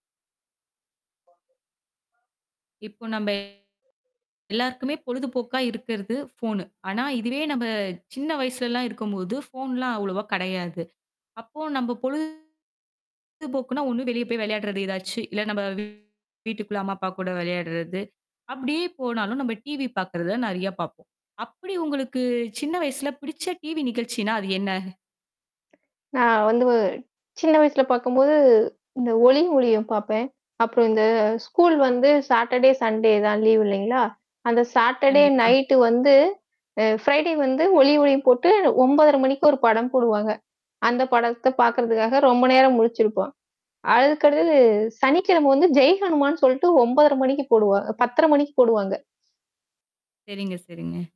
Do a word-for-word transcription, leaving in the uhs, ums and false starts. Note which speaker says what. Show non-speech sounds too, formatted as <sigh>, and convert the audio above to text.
Speaker 1: இப்போ நம்ப
Speaker 2: <unintelligible>
Speaker 1: எல்லாருக்குமே பொழுதுபோக்கா இருக்குறது ஃபோனு. ஆனா, இதுவே நம்ம சின்ன வயசுல எல்லாம் இருக்கும்போது ஃபோன்லாம் அவ்வளவா கிடையாது. அப்போ நம்ம பொழுதுபோக்குன்னா ஒண்ணு வெளிய போய் விளையாடுறது ஏதாச்சு. இல்ல நம்ம வீட்டுக்குள்ள அம்மா, அப்பா கூட விளையாடுறது. அப்பிடியே போனாலும் நம்ம டிவி பாக்குறத நிறைய பாப்போம். அப்பிடி உங்களுக்குச் சின்ன வயசுல பிடிச்ச டிவி நிகழ்ச்சின்னா, அது என்ன?
Speaker 2: நான் வந்து ஒ சின்ன வயசுல பார்க்கும்போது இந்த ஒளி ஒலியும் பார்ப்பேன். அப்புறம் இந்த ஸ்கூல் வந்து சாட்டர்டே, சன்டே தான் லீவு இல்லேங்களா! அந்த சாட்டர்டே
Speaker 1: கண்டிப்பா.
Speaker 2: நைட் வந்து அ ப்ரை டே வந்து ஒளிஒலியும் போட்டு ஒன்பதரை மணிக்கு ஒரு படம் போடுவாங்க. அந்தப் படத்த
Speaker 1: <unintelligible>
Speaker 2: பார்க்குறதுக்காக ரொம்ப நேரம் முழிச்சிருப்போம். அதுக்கு அடுத்தது, சனிக்கிழமை வந்து "ஜெய் ஹனுமான்" சொல்லிட்டு ஒன்பதரை மணிக்கு போடுவா பத்தரை மணிக்கு போடுவாங்க.
Speaker 1: சரிங்க, சரிங்க.